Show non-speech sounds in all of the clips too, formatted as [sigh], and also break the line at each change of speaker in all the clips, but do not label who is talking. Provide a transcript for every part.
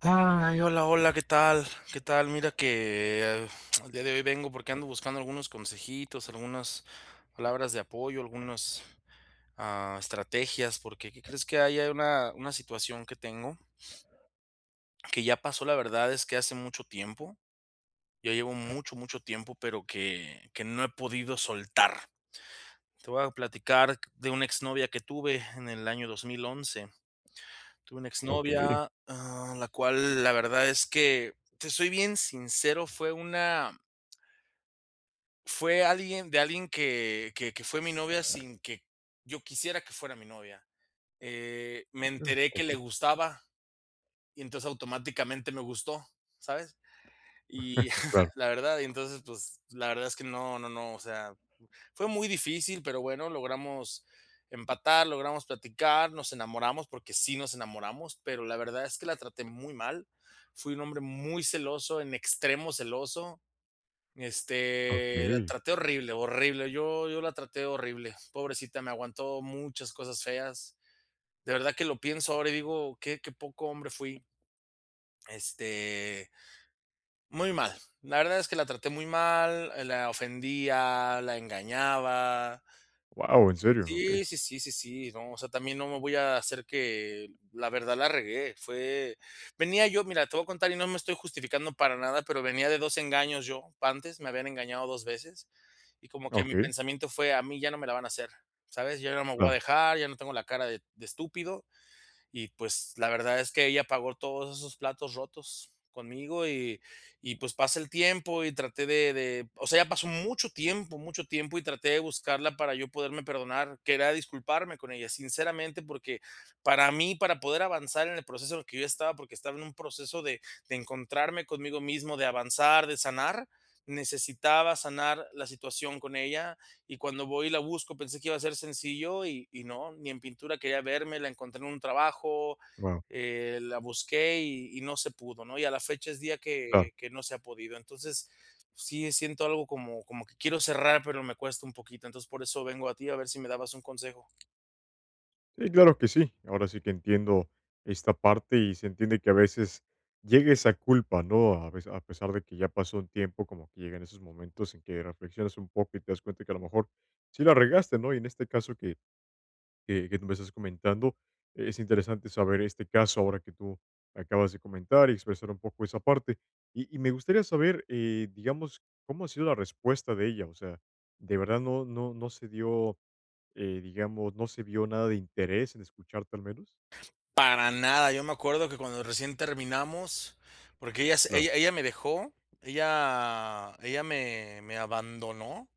Ay, hola, hola, ¿qué tal?, ¿qué tal? Mira que, eh, el día de hoy vengo porque ando buscando algunos consejitos, algunas palabras de apoyo, algunas, ah, estrategias, porque, ¿qué crees?, que hay a una una situación que tengo [sniffs] que ya pasó, la verdad es que hace mucho tiempo, ya llevo mucho, mucho tiempo, pero que que no he podido soltar. Te voy a platicar de una exnovia que tuve en el año 2011. Tuve una
Okey.
exnovia, ah, la cual, la verdad es que, te soy bien sincero, fue una fue alguien de alguien que que que fue mi novia sin que yo quisiera que fuera mi novia. Eh, me enteré que le
Okey.
gustaba, y entonces automáticamente me gustó, ¿sabes? Y
[chuckles]
[scoffs]
Claro.
la verdad y entonces, pues, la verdad es que no no no, o sea, fue muy difícil, pero bueno, logramos empatar, logramos platicar, nos enamoramos, porque sí nos enamoramos, pero la verdad es que la traté muy mal. Fui un hombre muy celoso, en extremo celoso. Este, la
Okey.
traté horrible horrible, yo yo la traté horrible, pobrecita, me aguantó muchas cosas feas. De verdad que lo pienso ahora, y digo: "Qué qué poco hombre fui", este, muy mal, la verdad es que la traté muy mal, la ofendía, la engañaba.
¡Wao! ¿en serio? Okey.
Sí sí sí sí sí, no, o sea, también no me voy a hacer que la verdad, la regué, fue venía yo, mira, te voy a contar, y no me estoy justificando para nada, pero venía de 2 engaños yo. Antes me habían engañado 2 veces, y como que mi
Okey.
pensamiento fue: "A mí ya no me la van a hacer", ¿sabes?, yo no me voy a
Claro.
dejar, ya no tengo la cara de de estúpido. Y pues, la verdad es que ella pagó todos esos platos rotos conmigo. Y y pues, pasa el tiempo, y traté de de, o sea, ya pasó mucho tiempo mucho tiempo y traté de buscarla para yo poderme perdonar, que era disculparme con ella, sinceramente, porque para mí, para poder avanzar en el proceso que yo estaba, porque estaba en un proceso de de encontrarme conmigo mismo, de avanzar, de sanar, necesitaba sanar la situación con ella. Y cuando voy, y la busco pensé que iba a ser sencillo y y no. Ni en pintura quería verme, la encontré en un trabajo,
Wao.
eh, la busqué y y no se pudo, ¿no? Y a la fecha es día
Claro.
que que no se ha podido. Entonces, sí siento algo como, como que quiero cerrar, pero me cuesta un poquito, entonces, por eso vengo a ti a ver si me dabas un consejo.
Sí, claro que sí, ahora sí que entiendo esta parte, y se entiende que a veces llega esa culpa, ¿no?, a pes a pesar de que ya pasó un tiempo como que llegan esos momentos en que reflexionas un poco y te das cuenta que a lo mejor sí la regaste, ¿no?, y en este caso que que que tú me estás comentando, eh, es interesante saber este caso ahora que tú acabas de comentar y expresar un poco esa parte, y y me gustaría saber, eh, digamos, ¿cómo ha sido la respuesta de ella?, o sea, ¿de verdad no no no se dio, eh, digamos, no se vió nada de interés en escucharte al menos?
Para nada, yo me acuerdo que cuando recién terminamos, porque ella s
Claro.
ella ella me dejó, ella ella me me abandonó.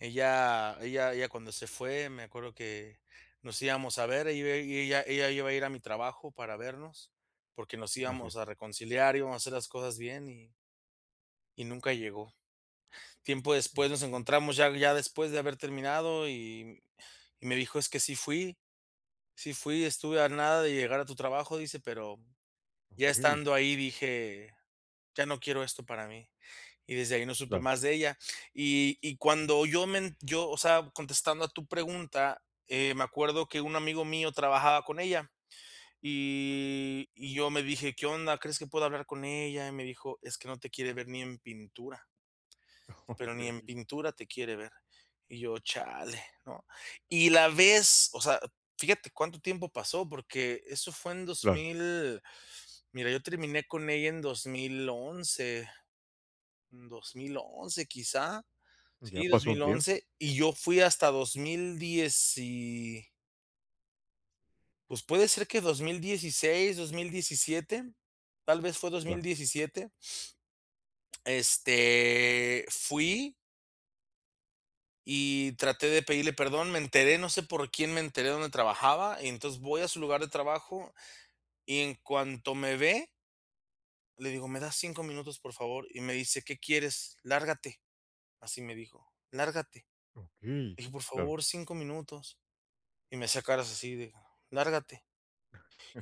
Ella ella ella cuando se fue, me acuerdo que nos íbamos a ver, ella iba i ella ella iba a ir a mi trabajo para vernos, porque nos
Así
íbamos
es.
a reconciliar, íbamos a hacer las cosas bien y. Y nunca llegó, tiempo después nos encontramos ya ya después de haber terminado y y me dijo: "Es que sí fui, sí fui, estuve a nada de llegar a tu trabajo", dice, pero ya
Okey.
estando ahí dije: "Ya no quiero esto para mí", y desde ahí no supe
Claro.
más de ella, y y cuando yo men yo, o sea, contestando a tu pregunta, eh, me acuerdo que un amigo mío trabajaba con ella, y y yo me dije: "¿Qué onda?, ¿crees que puedo hablar con ella?", y me dijo: "Es que no te quiere ver ni en pintura" "Pero ni en
Okey.
pintura te quiere ver", y yo: "Chale", ¿no?, y la vez, o sea, fíjate cuánto tiempo pasó, porque eso fue en dos
Claro.
mil, mira, yo terminé con ella en 2011, 2011 quizá,
Ya
sí, dos
pasó un
mil
tiempo.
once y yo fui hasta dos mil dieci Pues puede ser que 2016, 2017, tal vez fue dos mil
Claro.
diecisiete. Este, fui. Y traté de pedirle perdón, me enteré, no sé por quién me enteré dónde trabajaba, y entonces voy a su lugar de trabajo y en cuanto me ve. Le digo: "¿Me das 5 minutos, por favor?", y me dice: "¿Qué quieres?, lárgate", así me dijo: "lárgate",
Okey,
le dije: "Por
claro.
favor, 5 minutos", y me hacía caras así de "lárgate",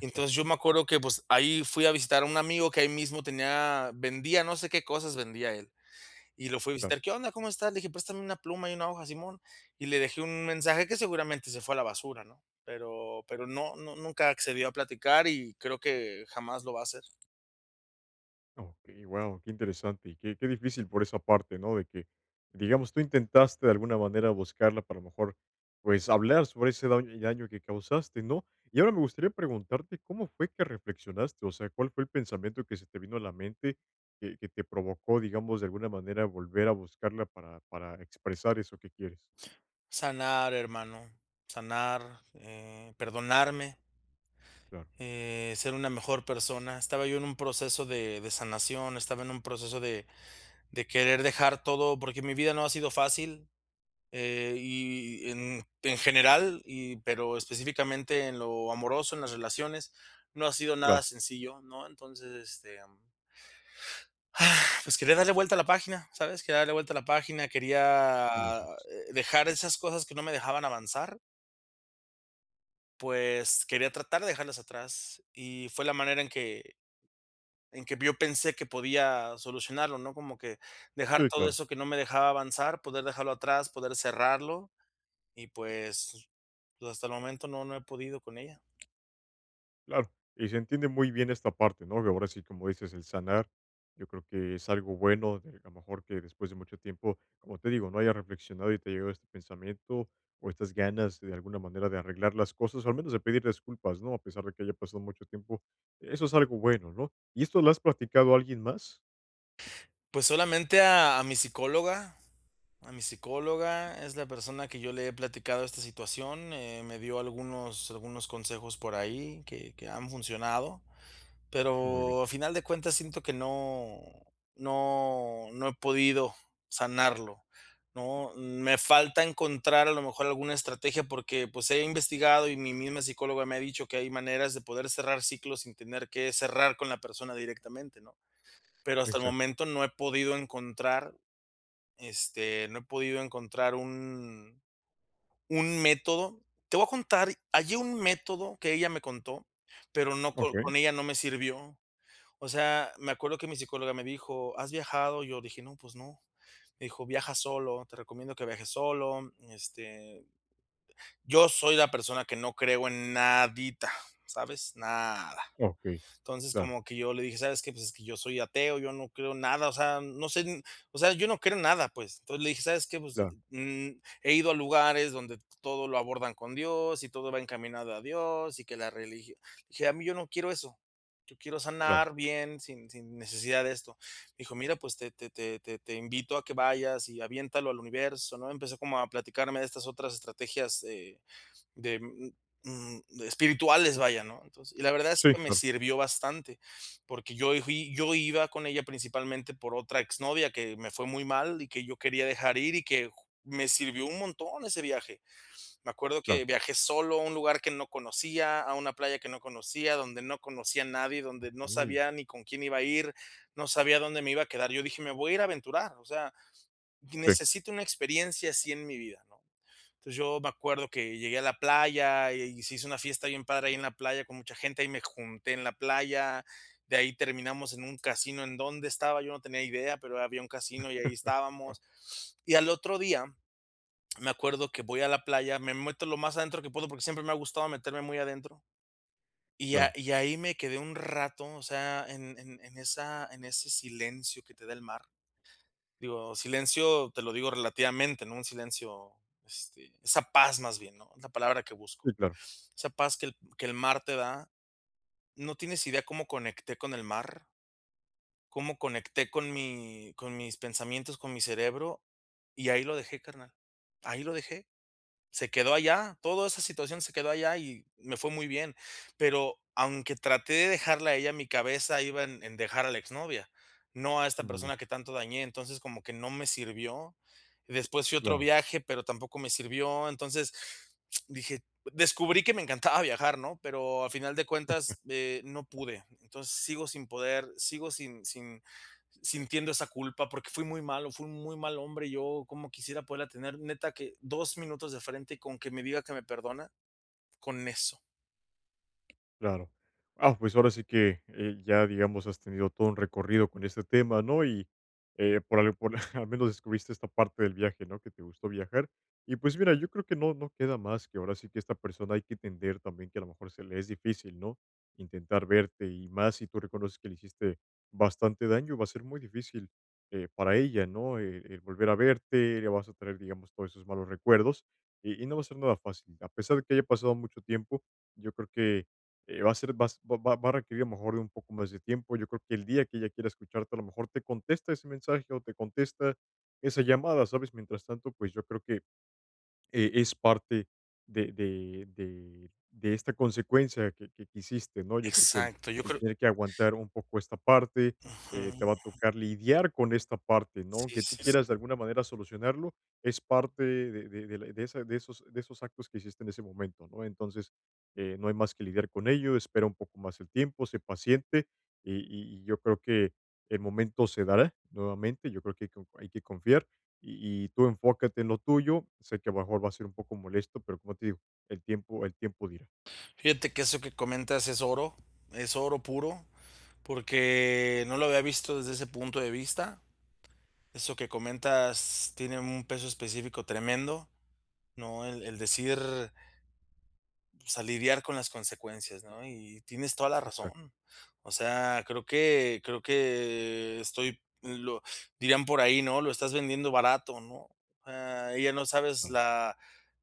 y entonces yo me acuerdo que, pues, ahí fui a visitar a un amigo que ahí mismo tenía, vendía no sé qué cosas vendía él, y lo fue a
Claro.
visitar: "¿Qué onda?, ¿cómo estás?", le dije: "Préstame una pluma y una hoja", simón, y le dejé un mensaje que seguramente se fue a la basura, ¿no?, pero pero no no nunca accedió a platicar y creo que jamás lo va a hacer.
Okey, wao, qué interesante, y qué qué difícil por esa parte, ¿no? De que, digamos, tú intentaste de alguna manera, buscarla para, a lo mejor, pues, hablar sobre ese daño, daño que causaste, ¿no? Y ahora me gustaría preguntarte, ¿cómo fue que reflexionaste? O sea, ¿cuál fue el pensamiento que se te vino a la mente que que te provocó, digamos, de alguna manera, volver a buscarla para para expresar eso que quieres?
Sanar hermano, sanar, eh, perdonarme
Ya.
eh, ser una mejor persona. Estaba yo en un proceso de de sanación, estaba en un proceso de de querer dejar todo, porque mi vida no ha sido fácil, eh, y en en general y pero específicamente en lo amoroso, en las relaciones, no ha sido
Claro.
nada sencillo, ¿no? Entonces, este, [sighs] ah, pues, quería darle vuelta a la página. ¿Sabes? Quería darle vuelta a la página, quería
[unintelligible]
dejar esas cosas que no me dejaban avanzar. Pues quería tratar de dejarlas atrás, y fue la manera en que en que yo pensé que podía solucionarlo, ¿no? Como que dejar
Sí,
todo
claro.
eso que no me dejaba avanzar, poder dejarlo atrás, poder cerrarlo, y pues, hasta el momento no no he podido con ella.
Claro, y se entiende muy bien esta parte, ¿no? De ahora sí, como dices, el sanar, yo creo que es algo bueno, de que, a lo mejor que después de mucho tiempo, como te digo, ¿no?, haya reflexionado y te ha llegado este pensamiento, o estas ganas, de alguna manera, de arreglar las cosas, o al menos de pedir disculpas, ¿no?, a pesar de que haya pasado mucho tiempo, eso es algo bueno, ¿no? ¿Y esto lo has platicado a alguien más?
Pues, solamente a mi psicóloga a mi psicóloga, es la persona que yo le he platicado esta situación. Eh, me dio algunos algunos consejos por ahí que que han funcionado,
Muy bien.
pero a final de cuentas siento que no no no he podido sanarlo, ¿no? Me falta encontrar a lo mejor alguna estrategia, porque, pues, he investigado, y mi misma psicóloga me ha dicho que hay maneras de poder cerrar ciclos sin tener que cerrar con la persona directamente, ¿no?, pero hasta el
Exac
momento no he podido encontrar, este, no he podido encontrar un un método. Te voy a contar, hallé un método que ella me contó, pero no co
Okey.
con ella no me sirvió. O sea, me acuerdo que mi psicóloga me dijo: "¿Has viajado?", y yo le dije: "No, pues no", me dijo: "Viaja solo, te recomiendo que viajes solo", este, yo soy la persona que no creo en nadita, ¿sabes?, nada,
Okey,
entonces,
claro.
como que yo le dije: "¿Sabes qué?, pues es que yo soy ateo, yo no creo nada". O sea, no sé, o sea, yo no creo en nada, pues, entonces, le dije: "¿Sabes qué?, pues, eh,
Claro.
mm, he ido a lugares donde todo lo abordan con Dios, y todo va encaminado a Dios, y que la religio dije, a mí, yo no quiero eso, yo quiero
Claro.
sanar bien sin sin necesidad de esto", dijo: "Mira, pues, te te te te invito a que vayas y aviéntalo al universo, ¿no?". Empezó como a platicarme de estas otras estrategias, eh, de, mm, espirituales, vaya, ¿no? Entonces y la verdad es
Sí,
que me
claro.
sirvió bastante, porque yo fui yo iba con ella principalmente por otra exnovia que me fue muy mal, y que yo quería dejar ir y que ju me sirvió un montón ese viaje, me acuerdo
Claro.
que viajé solo a un lugar que no conocía, a una playa que no conocía, donde no conocía a nadie, donde no
Okey.
sabía ni con quién iba a ir, no sabía dónde me iba a quedar. Yo dije: "Me voy a ir a aventurar, o sea,
Sí.
necesito una experiencia así en mi vida", ¿no? Entonces, yo me acuerdo que llegué a la playa, y se hizo una fiesta bien padre ahí en la playa con mucha gente, ahí me junté en la playa. De ahí terminamos en un casino, ¿en donde estaba?, yo no tenía idea, pero había un casino, y ahí
[giggles] Guau.
estábamos, [sniffs] y al otro día, me acuerdo que voy a la playa, me meto lo más adentro que puedo, porque siempre me ha gustado meterme muy adentro, y a
Claro.
y ahí me quedé un rato, o sea, en en en esa en ese silencio que te da el mar, digo, silencio te lo digo relativamente, ¿no?, un silencio, este, esa paz más bien, ¿no?, es la palabra que busco,
Sí, claro.
esa paz que el que el mar te da, no tienes idea cómo conecté con el mar. Cómo conecté con mi con mis pensamientos, con mi cerebro, y ahí lo dejé carnal, ahí lo dejé. Se quedó allá toda esa situación, se quedó allá y me fue muy bien, pero aunque traté de dejarla a ella en mi cabeza, iba en en dejar a la exnovia, no a esta
Muy bien.
persona que tanto dañé. Entonces, como que no me sirvió. Después fui a otro
Claro.
viaje, pero tampoco me sirvió. Entonces, dije descubrí que me encantaba viajar, ¿no?, pero a final de
[chuckles]
cuentas, eh, no pude. Entonces, sigo sin poder, sigo sin sin sintiendo esa culpa, porque fui muy malo, fui un muy mal hombre, yo, cómo quisiera poderla tener, neta que 2 minutos de frente con que me diga que me perdona, con eso.
Claro, ah, pues, ahora sí que, eh, ya, digamos, has tenido todo un recorrido con este tema, ¿no? Y, eh, por al por [chuckles] al menos descubriste esta parte del viaje, ¿no?, que te gustó viajar. Y pues mira, yo creo que no no queda más que ahora sí, que esta persona hay que entender también que a lo mejor se le es difícil, ¿no?, intentar verte. Y más si tú reconoces que le hiciste bastante daño, va a ser muy difícil, eh, para ella, ¿no? El el volver a verte, le vas a traer, digamos, todos esos malos recuerdos, y y no va a ser nada fácil, a pesar de que haya pasado mucho tiempo. Yo creo que, eh, va a ser va va va a requerir a lo mejor de un poco más de tiempo, yo creo que el día que ella quiera escucharte, a lo mejor te contesta ese mensaje, o te contesta esa llamada, ¿sabes? Mientras tanto, pues, yo creo que, eh, es parte de de de de esta consecuencia que que que hiciste, ¿no? Yo creo que el
Exacto, yo
el
creo
tener que aguantar un poco esta parte, eh, te
Ujú.
va a tocar lidiar con esta parte, ¿no?,
Sí,
aunque tú
sí,
quieras, de
sí.
alguna manera, solucionarlo, es parte de de de la i de esa de esos de esos actos que hiciste en ese momento, ¿no? Entonces, eh, no hay más que lidiar con ello, espera un poco más el tiempo, sé paciente, y y y yo creo que el momento se dará nuevamente. Yo creo que hay que co hay que confiar, y y tú enfócate en lo tuyo, sé que a lo mejor va a ser un poco molesto, pero como te digo, el tiempo el tiempo dirá.
Fíjate que eso que comentas es oro, es oro puro, porque no lo había visto desde ese punto de vista, eso que comentas tiene un peso específico tremendo, ¿no? El el decir pues, a lidiar con las consecuencias, ¿no?, y tienes toda la
Exacto.
razón. O sea, creo que creo que estoy, lo dirían por ahí, ¿no?: "Lo estás vendiendo barato", ¿no?, ah, ella no sabes la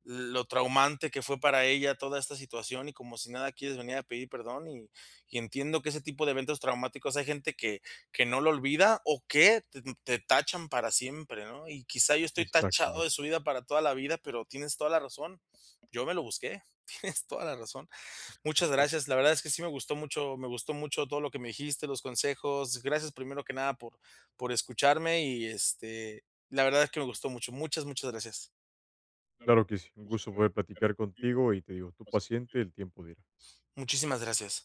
lo traumante que fue para ella toda esta situación, y como si nada quieres venir a pedir perdón. Y y entiendo que ese tipo de eventos traumáticos hay gente que que no lo olvida o que te te tachan para siempre, ¿no?, y quizá yo estoy tachado
Exactamente.
de su vida para toda la vida, pero tienes toda la razón, yo me lo busqué, tienes toda la razón. Muchas
[chuckles]
gracias, la verdad es que sí me gustó mucho me gustó mucho todo lo que me dijiste, los consejos, gracias primero que nada por por escucharme. Y, este, la verdad es que me gustó mucho, muchas muchas gracias,
Claro que sí, un gusto poder platicar contigo, y te digo, tu paciente, el tiempo dirá.
muchísimas gracias.